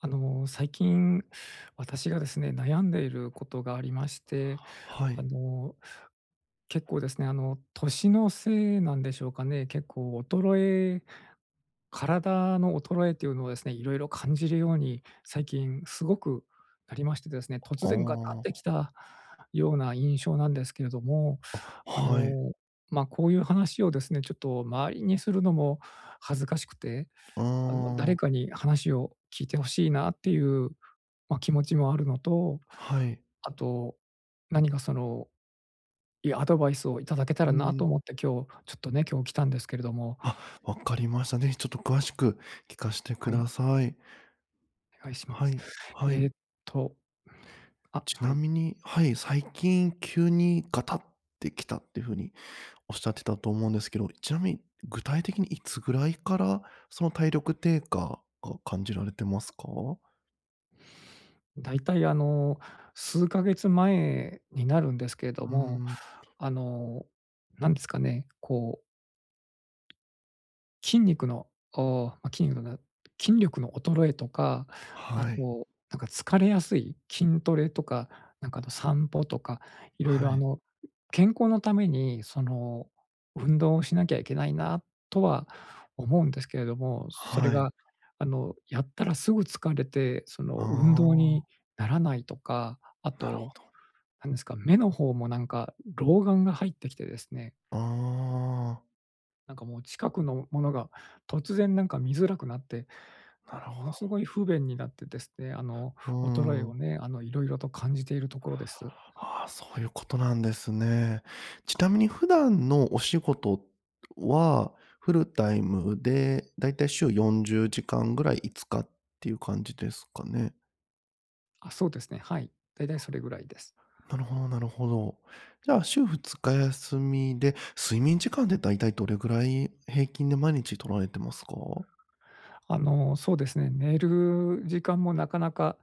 あの最近私がですね、悩んでいることがありまして、はあい。の、結構ですね、あの年のせいなんでしょうかね。結構衰え体の衰えというのをですね、色々感じるように最近すごくなりましてですね、突あ然ガタってあ。きたような印象なんですけれども、あ、あはい。の、ま、こういう話をですね、ちょっと周りにするのも恥ずかしくて、ああの、誰あ。かに話を聞いて欲しいなっていう、ま、気持ちもあるのと、はい。あと何かそのいいアドバイスを頂けたらうなとん。思って、今日ちょっとね、今日来たんですけれども。あ、わかりました。ぜひちょっと詳しく聞かしてくはい。ださい。お願いしまはす。い。はえい。っと、あ、ちはない。みに、はい、最近急にガタってきたっていう風におっしゃってたと思うんですけど、ちなみに、具体的にいつぐらいからその体力低下が感じられてますか？大体、あの、数ヶ月前になるんですけれどうーも。ん。あの、何ですかね、こう筋肉のお筋肉じゃない筋力の衰えとか、あはい。となんか疲れやすい。筋トレとか、なんかあと散歩とか、色は々あい。の健康の為に、その運動をしなきゃいけないな、とは思うんですけれども、それはい。が、あのやったら、すぐ疲れて、そのあ運動あ。にならないとか。あなるほとど。何ですか、目の方も、なんか老眼が入ってきてですね。ああ。なんか、もう近くのものが突然なんか見づらくなって、ななんるか、もほのど。凄い不便になってですね。あのう衰えーをん。ね、あの、色々と感じているところです。ああ、そういうことなんですね。ちなみに普段のお仕事は、フルタイムで、大体週40時間ぐらい5日って言う感じですかね？あ、そうですね。はい。だいたいそれぐらいです。なるほどなるほど。じゃあ週2日休みで、睡眠時間って大体どれぐらい平均で毎日取られてますか？あの、そうですね。寝る時間もなかなか、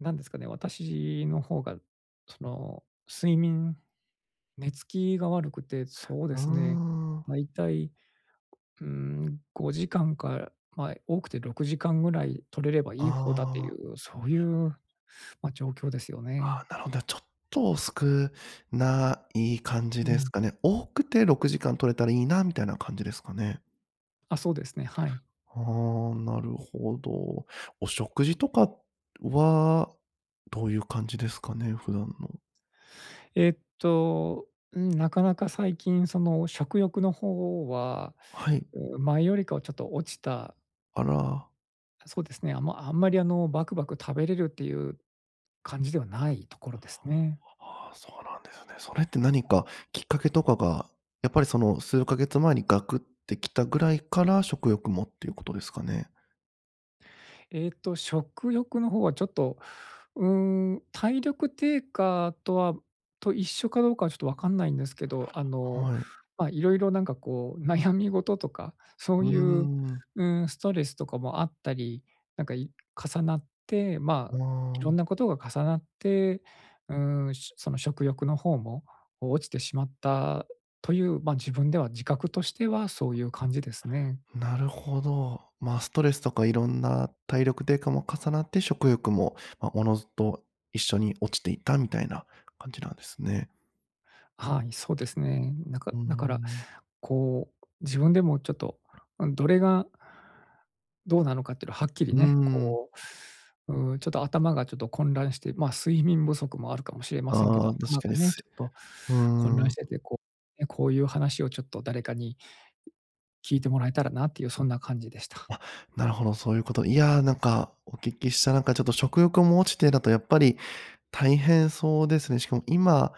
なんですかね、私の方がその睡眠、寝つきが悪くて、そうであすね、あ。だいたい、うーん、5時間から、ま、多くて6時間ぐらい取れればいい方だていああ。う、そういう、ま、状況ですよあね。あ、なるほど、ちょっと少ない感じうですん。かね。多くて6時間取れたらいいなみたいな感じですかね。あ、そうですね。はい。ああ、なるほど。お食事とかはどういう感じですかね、普段の。えっと、ん、なかなか最近その食欲の方ははい。前よりかはちょっと落ちたあら。そうですね。あまあんまりあのバクバク食べれるっていう感じではないところですね。ああ、そうなんですね。それって何かきっかけとかが、やっぱりその数ヶ月前にガクってきたぐらいから食欲もっていうことですかね。えっと、食欲の方はちょっと、うーん、体力低下とはと一緒かどうかはちょっと分かんないんですけど、あの、はい。ま、色々なんかこう悩み事とか、そううーいう、ん。うーん、ストレスとかもあったり、なんかい重なってまおあ、色んわ。なことが重なって、うーん、しょその食欲の方も落ちてしまったという、ま、自分では自覚としてはそういう感じですね。なるほど。ま、ストレスとか色んな体力低下も重なって、食欲も、ま、自ずと一緒に落ちていったみたいな感じなんですね。はい、そうですね。なんか、うーだからん。こう、自分でもちょっと、うん、どれがどうなのかっていうのははっきりうーね、ん。こう、うん、ちょっと頭がちょっと混乱してま、睡眠不足もあるかもしれませんけど、ああ、確頭かがに、ね、すちいょっとう混乱ーしん。てて、こう、ね、こういう話をちょっと誰かに聞いてもらえたらなっていう、そんな感じでした。あ、なるほど、そういうこと。いや、なんかお聞きしたなんかちょっと食欲も落ちてだとやっぱり、大変そうですね。しかも今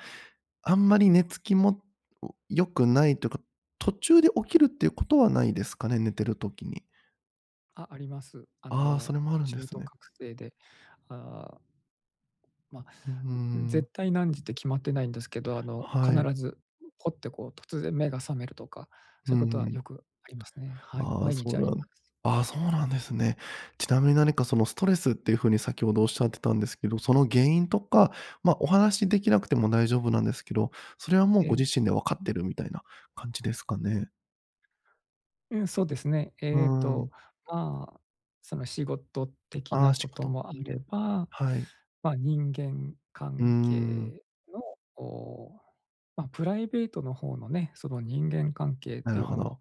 あんまり寝つきも良くないというか、途中で起きるっていうことはないですかね？寝てる時に。あ、あります。あああ、のそれもあるんで中す途ね。覚醒で、ああ。まあ、うーん。絶対何時って決まってないんですけど。あの、はい。必ず、ホッて、こう突然目が覚めるとか、うそう言う事はん。よくありますね。はい、ああ、毎そ日うあなりまんす。ああ、そうなんですね。ちなみに何か、そのストレスって言う風に、先程おっしゃってたんですけど、その原因とか、まあ、お話し出来なくても大丈夫なんですけど、それは、もうえごえ。自身で分かってるみたいな感じですかね。うん、そうですね。うえっーと、ん。まあ、その仕事的あなあ、仕事事。もあれば、はい。まあ、人間うー関ん。係の、お、まあ、プライベートの方のね。その人間関係ってなる言うほのど。も、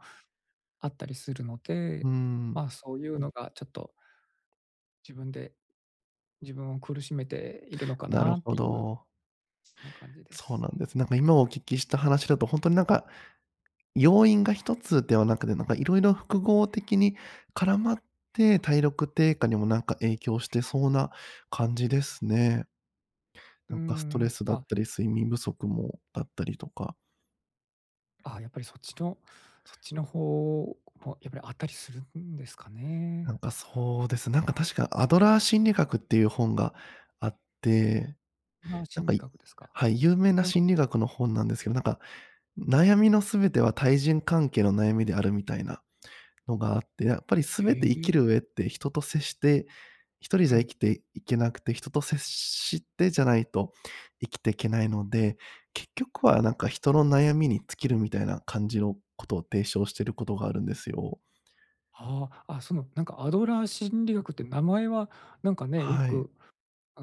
あったりするのうで。ーん。まあ、そう言うのが、ちょっと、自分で、自分を苦しめているのかなるなっほていう。ど。そんな感じでそうすなんね。ですね。なんか、今お聞きした話だと、本当になんか、要因が1つではなくて、なんか色々複合的に絡まって、体力低下にも、なんか影響してそうな感じですね。うなーんかストレん、スったあ。り、睡眠不足もだったりとか。あ、やっぱり、そっちの、そっちの方もやっぱり、あったりするんですかね。なんか、そうですね。なんか、確かアドラー心理学っていう本があって、あ、なん心か、理学ですか？ははい、い。有名ななんか心理学の本なんですけど、なんか悩みの全ては、対人関係の悩みであるみたいなのがあって、やっぱりへ全て生きえ。る上って人と接して、1人うじゃ生ん。きていけなくて、人と接してじゃないと生きていけないので、結局は、なんか、人の悩みに尽きるみたいな感じの事を提唱している事があるんですよ。ああ、あ、そのなんか、アドラー心理学って名前はなんかね、よはい。く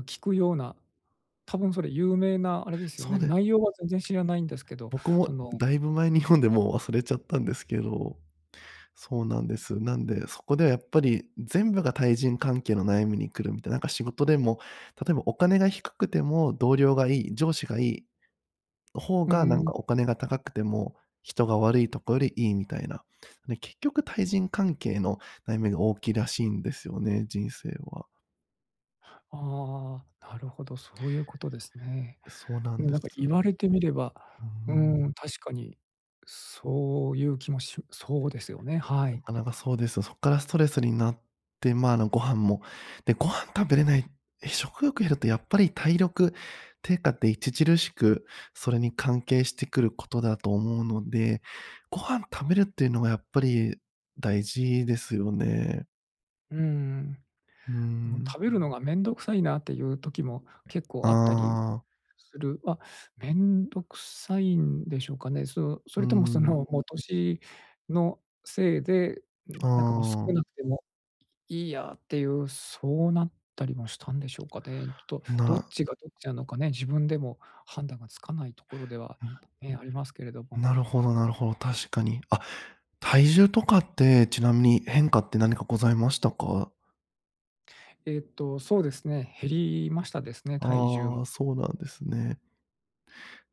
聞くような、多分、それ有名なあれですよそうね。です。内容は全然知らないんですけど、僕そものだいぶ前に読んで、もう忘れちゃったんですけど。そうなんです。なんで、そこでは、やっぱり全部が対人関係の悩みに来るみたいな。なんか仕事でも、例えばお金が低くても同僚がいい、上司がいい方うーが、なんん。か、お金が高くても人が悪いとこより、いいみたいな。で、結局、対人関係の悩みが大きいらしいんですよね、人生は。ああ、なるほど、そういうことですね。そうなうんん、でなす。んか言われてみれば、ううん。ん、確かにそういう気もしそうですよね。はない。かなかそうですよ。そこからストレスになって、ま、あの、ご飯も、で、ご飯食べれない食欲減るとやっぱり体力低下って著しくそれに関係してくることだと思うので、ご飯食べるっていうのがやっぱり大事ですよね。うんうーうん。もうん。食べるのが面倒くさいなっていう時も結構あったりああ。する。ま、面倒くさいんでしょうかね。そう、そうーれともそん。のもう年のせいで、あなんかもう少あ。なくてもいいやっていう、そうなったりもしたんでしょうかね。ちょっとどっな。ちがどっちなのかね、自分でも判断がつかないところでは、うん。ね、ありますけれども。なるほど、なるほど、確かに。あ、体重とかってちなみに変化って何かございましたか？えっとそうですね。減りましたですね、体重あも。あ、そうなんですね。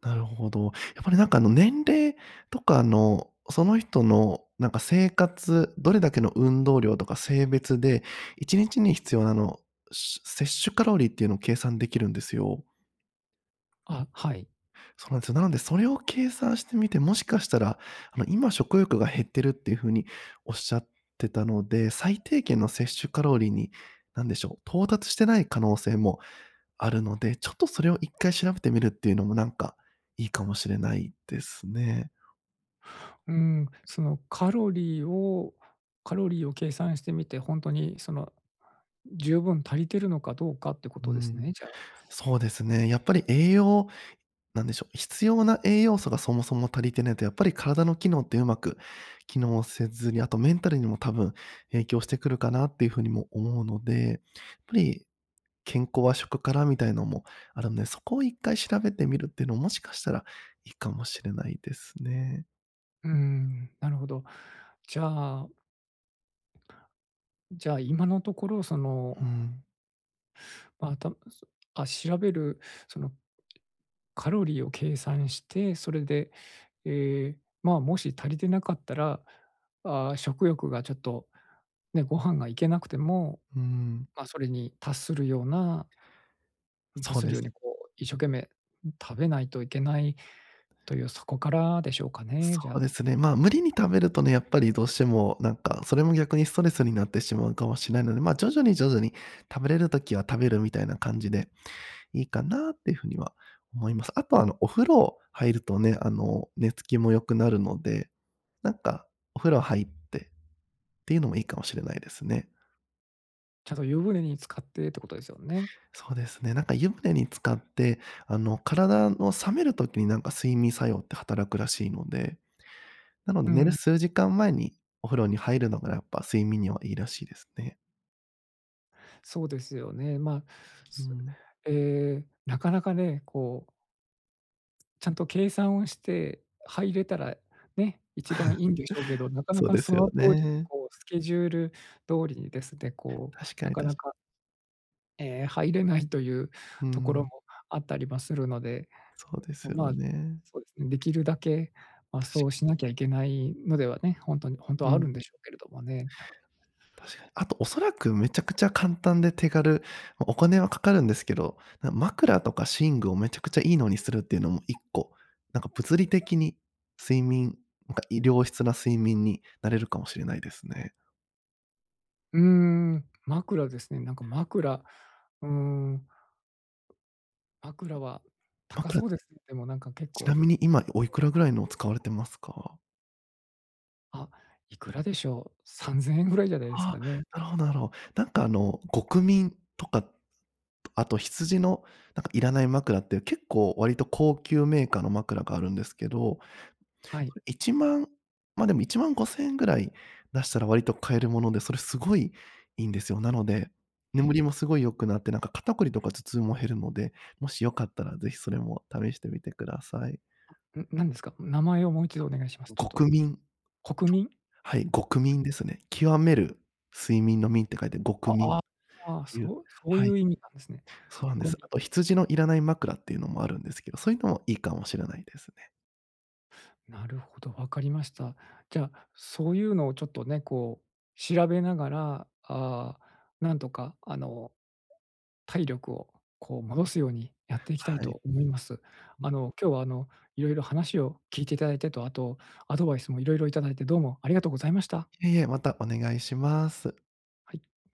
なるほど。やっぱり何かあの年齢とかのその人のなんか生活どれだけの運動量とか性別で1日に必要なあの、せ摂取カロリーっていうのを計算できるんですよ。あ、はい。そうなんですよ。なので、それを計算してみて、もしかしたら、あの今食欲が減ってるっていう風におっしゃってたので、最低限の摂取カロリーに何でしょう、到達してない可能性もあるので、ちょっとそれを1回調べてみるっていうのもなんかいいかもしれないですね。うーん、そのカロリーをカロリーを計算してみて、ほんとにその十分足りてるのかどうかってこうーとですん。ね、じゃあ。そうですね。やっぱり栄養、何でしょう、必要な栄養素がそもそも足りてないと、やっぱり体の機能ってうまく機能せずに、あとメンタルにも多分影響してくるかなっていう風にも思うので、やっぱり健康は食からみたいのもあるんで、そこを1回調べてみるっていうの、もしかしたらいいかもしれないですね。うん、なるほど。じゃあじゃあ、今のところそうのーん。あ、たそあ、調べるその、カロリーを計算して、それで、ええ、まあ、もし足りてなかったら、ああ食欲がちょっと、ね、ご飯が行けなくても、うーん。まあ、それに達するような達そうするでようす。に、こう一生懸命食べないといけないという、そこからでしょうかね、そじうゃであ。すね、まあ無理に食べるとね、やっぱりどうしてもなんか、それも逆にストレスになってしまうかもしれないので、まあ、徐々に、徐々に食べれる時は食べるみたいな感じで、いいかなっていう風には思います。あとはあの、お風呂入るとね、あの寝つきも良くなるので、なんか、お風呂入って、っていうのもいいかもしれないですね。ちゃんと湯船に浸かってってことですよね。そうですね。なんか湯船に浸かって、あの、体の冷める時になんか睡眠作用って働くらしいので、なので、う寝るん。数時間前にお風呂に入るのがやっぱ睡眠にはいいらしいですね。そうですよね。ま、うそん。ええ、なかなかね、こうちゃんと計算をして入れたら、ね、一番いいんでしょうけど、なかなそうかでそすよの通りにね。こうスケジュール通りにですね、こう、確かなに、かな確…かええ、入れないといううーところん。もあったりもするので。そうですよま、ね。そうですね。できるだけ、ま、確そうかに。しなきゃいけないのではね、ほんとにほんとうはあるん。んでしょうけれどもね。確かに。あと恐らくめちゃくちゃ簡単で手軽ま、お金は掛かるんですけど、な、枕とか寝具をめちゃくちゃいいのにするっていうのも1個。なんか物理的に睡眠なんか、い良質な睡眠になれるかもしれないですね。うーん、枕ですね。なんか枕うーん。枕は高枕そうです。でもなんか結ちな構みに今おいくらぐらいのを使われてますか？あ、いくらでしょう？3千円ぐらいじゃないですあ、かね。なるほどなるほど。なんかあの極眠とか、あと羊のなんかいらない枕って結構割と高級メーカーの枕があるんですけど、はい。1万、ま、でも1万5千円ぐらい出したら割と買えるもので、それすごい、いいんですよ。なので、え眠りえ。もすごい良くなって、なんか肩こりとか頭痛も減るので、もし良かったら是非それも試してみてください。ん、何ですか？名前をもう1度あ、お願いします、ちょっと。極眠。こくみん？はい、極眠ですね。極める睡眠の眠って書いて極眠っあ、ああ、ていう、そうそうはいい。う意味なんですね。そうなんで極す。眠。あと羊のいらない枕っていうのもあるんですけど、そういうのもいいかもしれないですね。なるほど、わかりました。じゃあ、そういうのをちょっとね、こう調べながら、ああ、なんとか、あの、体力をこう戻すようにやっていきたいはい。と思います。ん。あの今日はあのいろいろ話を聞いていただいてと、あと、アドバイスも色々いただいてどうもありがとうございました。いえいえ、またお願いします。はい。